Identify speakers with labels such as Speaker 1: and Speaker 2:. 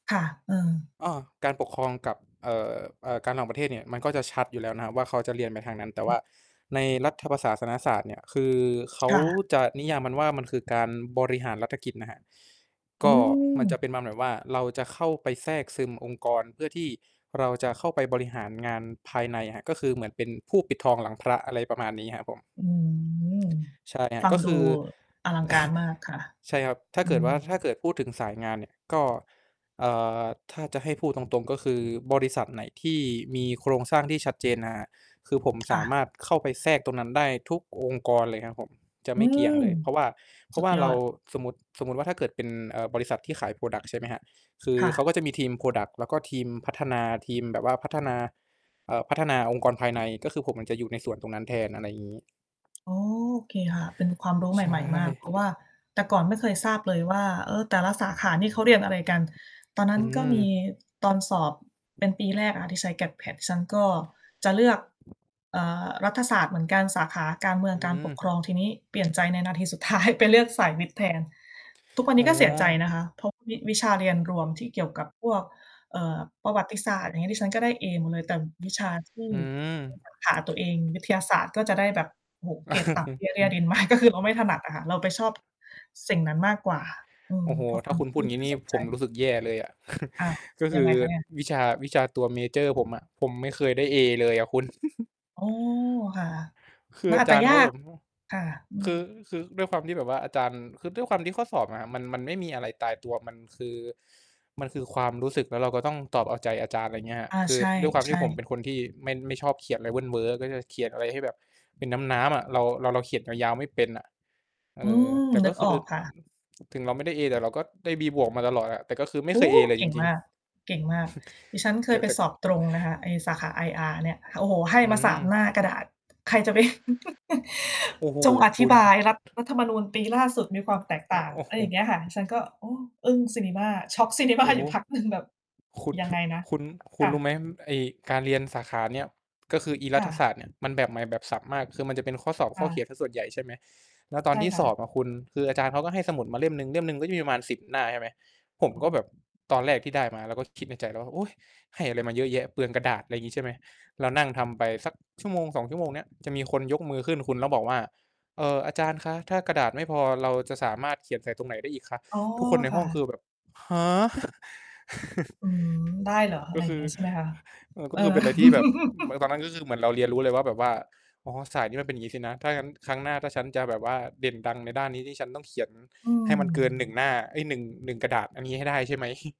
Speaker 1: ค่ะ เออ
Speaker 2: อ้อ การปกครองกับ เอ่อ เอ่อ การต่างประเทศเนี่ย มันก็จะชัดอยู่แล้วนะครับว่า เขาจะเรียนไปทางนั้น แต่
Speaker 1: อ
Speaker 2: ว
Speaker 1: ื
Speaker 2: ่
Speaker 1: อ
Speaker 2: าในรัฐประศาสนศาสตร์เนี่ย คือเขา
Speaker 1: ค่ะ
Speaker 2: จะนิยามมันว่า มันคือการบริหารรัฐกิจนะครับ
Speaker 1: โอ
Speaker 2: ก
Speaker 1: ้
Speaker 2: ็
Speaker 1: โ
Speaker 2: มันจะเ
Speaker 1: ฮ
Speaker 2: ป็นมาแบบว่า เราจะเข้าไปแทรกซึมองค์กร เพื่อที่เราจะเข้าไปบริหารงานภายในอะครับ ก็คือเหมือนเป็นผู้ปิดทองหลังพระ อะไรประมาณนี้ครับผม
Speaker 1: อืม
Speaker 2: ใช่ครั
Speaker 1: ฟ
Speaker 2: บ
Speaker 1: ั
Speaker 2: ก
Speaker 1: ง
Speaker 2: ็
Speaker 1: ด
Speaker 2: ค
Speaker 1: ู
Speaker 2: ือ
Speaker 1: อลังการมากค่ะ
Speaker 2: ใช่ครับ ถ้า
Speaker 1: อื
Speaker 2: เกิดว่า
Speaker 1: ม
Speaker 2: ถ้าเกิดพูดถึงสายงานเนี่ยก็ อ่า ถ้าจะให้พูดตรง ๆ ก็คือบริษัทไหนที่มีโครงสร้างที่ชัดเจนนะครับ คือผมส
Speaker 1: ค่
Speaker 2: า
Speaker 1: ะ
Speaker 2: มารถเข้าไปแทรกตรงนั้นได้ทุกองค์กรเลยครับผม จะ
Speaker 1: อื
Speaker 2: ไม่เกี่ย
Speaker 1: ม
Speaker 2: งเลย เพราะว่า เพรา
Speaker 1: สุ
Speaker 2: ะว
Speaker 1: ด
Speaker 2: ่า
Speaker 1: ย
Speaker 2: เ
Speaker 1: อ
Speaker 2: รา
Speaker 1: ด
Speaker 2: สมมติ สมมุติว่าถ้าเกิดเป็น เอ่อ บริษัทที่ขาย พรอดักต์ ใช่ไหมครับ คือ
Speaker 1: ค่
Speaker 2: เข
Speaker 1: ะ
Speaker 2: าก็จะมีทีม พรอดักต์ แล้วก็ทีมพัฒนา ทีมแบบว่าพัฒนา เอ่อ พัฒนาองค์กรภายใน ก็คือผมมันจะอยู่ในส่วนตรงนั้นแทน อะไรอย่างงี้
Speaker 1: อ๋อ โอเคค่ะ เป็นความรู้ใ
Speaker 2: ใช
Speaker 1: หม่ ๆ มาก เพราะว
Speaker 2: ่
Speaker 1: ่าแต่ก่อนไม่เคยทราบเลยว่า เออ แต่ละสาขานี่เขาเรียนอะไรกัน? ตอนนั
Speaker 2: อ
Speaker 1: ้
Speaker 2: ื
Speaker 1: นก็มี
Speaker 2: อ
Speaker 1: ตอนสอบเป็นปีแรกอะ ที่ใช้ GAT PAT ฉันก็จะเลือก เอ่อ รัฐศาสตร์เหมือนกัน สาขาการเมือ
Speaker 2: อ
Speaker 1: ง
Speaker 2: ื
Speaker 1: การปกคร
Speaker 2: อ
Speaker 1: อง ทีนี้เปลี่ยนใจในนาทีสุด ท้าย ไปเลือกสายวิทย์แทน ทุกวัน
Speaker 2: อ
Speaker 1: น
Speaker 2: ๋
Speaker 1: ี้ก็เสียใจนะค
Speaker 2: อ
Speaker 1: ะ เพราะวิ วิชาเรียนรวมที่เกี่ยวกับพวก เอ่อ ประวัติศาสตร์ อย่างงี้ ดิฉันก็ได้เอหมดเลย แต่วิชาที่
Speaker 2: อืม
Speaker 1: ในสาขา ตัวเอง วิทยาศาสตร์ก็จะได้แบบ โอ้โฮ เกรดต่ำ เตี้ย เรี้ยดิน มาก ก็คือเราไม่ถนัดอะค่ะ เราไปชอบ สิ่งนั้นมากกว่า อื
Speaker 2: โ
Speaker 1: ม
Speaker 2: อ้โฮ
Speaker 1: เพราะค
Speaker 2: ถ้
Speaker 1: ว
Speaker 2: า
Speaker 1: าม
Speaker 2: คุ
Speaker 1: ท
Speaker 2: ณ
Speaker 1: ี
Speaker 2: พ
Speaker 1: ่
Speaker 2: ู
Speaker 1: ไม
Speaker 2: ด
Speaker 1: ่
Speaker 2: งี้นี่
Speaker 1: สนใ
Speaker 2: ผ
Speaker 1: จ
Speaker 2: มรู้สึกแย่เลยอะ
Speaker 1: อ้าว
Speaker 2: ก็ค
Speaker 1: ยัง
Speaker 2: ื
Speaker 1: ไ
Speaker 2: อ
Speaker 1: งคะเนี่ย?
Speaker 2: วิชา วิชาตัวเมเจอร์ผมอะ ผมไม่เคยได้เอเลยอะคุณ
Speaker 1: อ๋อ ค่ะ
Speaker 2: คือ
Speaker 1: มัน
Speaker 2: อา
Speaker 1: อาจ
Speaker 2: จ
Speaker 1: จ
Speaker 2: า
Speaker 1: ะ
Speaker 2: รย์
Speaker 1: ย
Speaker 2: เข
Speaker 1: า
Speaker 2: าแบ
Speaker 1: ก
Speaker 2: บ โอ้โฮ
Speaker 1: ค่ะ อื
Speaker 2: คือ
Speaker 1: ม
Speaker 2: คือด้วยความที่แบบว่าอาจารย์ คือด้วยความที่ข้อสอบอะครับ มัน มันไม่มีอะไรตายตัว มันคือ มันคือความรู้สึก แล้วเราก็ต้องตอบเอาใจอาจารย์ อะไรเงี้ยครับ
Speaker 1: อา
Speaker 2: คื
Speaker 1: ใ
Speaker 2: อ
Speaker 1: ช
Speaker 2: ด้วยความที่
Speaker 1: ่
Speaker 2: ผมเป
Speaker 1: ๆ
Speaker 2: ็นคนที่ไม่ ไม่ชอบเขียนอะไรเวิ่นเว้อ ก็จะเขียนอะไรให้แบบเป็นน้ำ ๆ อะ เรา เรา เราเขียนยาว ๆ ไม่เป็นน่ะ เ
Speaker 1: อ
Speaker 2: อ
Speaker 1: ื
Speaker 2: อ
Speaker 1: ม
Speaker 2: แต่
Speaker 1: น
Speaker 2: ก
Speaker 1: ึ
Speaker 2: ็
Speaker 1: ก
Speaker 2: ค
Speaker 1: อ
Speaker 2: ื
Speaker 1: อ
Speaker 2: อ
Speaker 1: กค่ะ
Speaker 2: ถึงเราไม่ได้ A แต่เราก็ได้ B+ มาตลอดอะ แต่ก็คือไม
Speaker 1: โ
Speaker 2: ่
Speaker 1: อ
Speaker 2: เค
Speaker 1: ้!
Speaker 2: ย A เลย
Speaker 1: เก
Speaker 2: จ
Speaker 1: ่ง
Speaker 2: ริ
Speaker 1: ม
Speaker 2: ง
Speaker 1: าก เก่งมาก ดิฉันเค
Speaker 2: ๆ แต
Speaker 1: ย
Speaker 2: ่
Speaker 1: ไป
Speaker 2: แต่
Speaker 1: สอบตรงนะคะ ไอ้สาขา IR เนี่ย โอ้โฮ ให้
Speaker 2: อื
Speaker 1: มา 3
Speaker 2: ม
Speaker 1: หน้ากระดาษ ใครจะไป
Speaker 2: โอ้โฮ
Speaker 1: จงอ
Speaker 2: ค
Speaker 1: ธิ
Speaker 2: ุ
Speaker 1: บ
Speaker 2: ณ
Speaker 1: ายรัฐ รัฐธรรมนูญปีล่าสุดมีความแตก
Speaker 2: โอ
Speaker 1: ต่า
Speaker 2: โ
Speaker 1: ง
Speaker 2: อ้
Speaker 1: อะ
Speaker 2: โ
Speaker 1: ไร
Speaker 2: ฮ
Speaker 1: อย่างเงี้ยค่ะ ฉันก็ โอ้ อึ้งซินิมา ช็อก ซินิมา
Speaker 2: โอ้โ
Speaker 1: อย
Speaker 2: ฮ
Speaker 1: ู่พักหนึ่ง แบบ
Speaker 2: คุณ
Speaker 1: ยังไงนะ
Speaker 2: คุณ คุ
Speaker 1: ค
Speaker 2: ณ
Speaker 1: ่
Speaker 2: รู้
Speaker 1: ะ
Speaker 2: ไหม ไอ้การเรียนสาขาเนี้ย ก็คืออีร
Speaker 1: ค
Speaker 2: ั
Speaker 1: ่
Speaker 2: ฐศา
Speaker 1: ะ
Speaker 2: สตร์เนี่ย มันแบบใหม่แบบสับมาก คือมันจะเป็นข้อสอบ
Speaker 1: ค
Speaker 2: ข้
Speaker 1: ่
Speaker 2: อเขี
Speaker 1: ะ
Speaker 2: ยนเสียส่วนใหญ่ ใช่ไหม แล้วตอ
Speaker 1: ใ
Speaker 2: น
Speaker 1: ช่
Speaker 2: ที่
Speaker 1: ค่
Speaker 2: สอ
Speaker 1: ะ
Speaker 2: บอะคุณ คืออาจารย์เขาก็ให้สมุดมาเล่มหนึ่ง เล่มหนึ่งก็จะมีประมาณ 10 หน้า ใช่ไหม ผม
Speaker 1: โอ้
Speaker 2: ก
Speaker 1: โ
Speaker 2: ็แบ
Speaker 1: ฮ
Speaker 2: บตอนแรกที่ได้มา เราก็คิดในใจแล้วว่า "โอ๊ย ให้อะไรมาเยอะแยะ? เปลืองกระดาษ" อะไรงี้ ใช่ไหม เรานั่งทำไปสัก 1-2 ชั่วโมงเนี้ย จะมีคนยกมือขึ้นคุณ แล้วบอกว่า "เอ่อ อาจารย์คะ ถ้ากระดาษไม่พอเราจะสามารถเขียนใส่ตรงไหนได้อีกคะ?"
Speaker 1: อ๋อ
Speaker 2: ทุกคนใน
Speaker 1: ค
Speaker 2: ห้
Speaker 1: ่
Speaker 2: องคื
Speaker 1: ะ
Speaker 2: อแบบ "ฮะ!"
Speaker 1: อืม ได้เหรอ อะไ
Speaker 2: ก
Speaker 1: ร
Speaker 2: ็
Speaker 1: อ
Speaker 2: ค
Speaker 1: ย่า
Speaker 2: ื
Speaker 1: งเ
Speaker 2: อ
Speaker 1: งี้ยใช่ไหมคะ?
Speaker 2: เออ ก
Speaker 1: เ
Speaker 2: ็
Speaker 1: อ
Speaker 2: จะ
Speaker 1: อ
Speaker 2: ต้องเป็นอะไรที่แบบ อือ แบบตอนนั้นก็คือเหมือนเราเรียนรู้เลยว่า แบบว่า อ๋อ สายนี้มันเป็นอย่างงี้สินะ ถ้างั้นครั้งหน้าถ้าฉันจะแบบว่าเด่นดังในด้านนี้ที่ฉันต้องเขียน
Speaker 1: อื
Speaker 2: ให้มันเกิน 1
Speaker 1: ม
Speaker 2: หน้า เอ๊ย 1- 1 กระดาษอันนี้ให้ได้ใช่ไหม?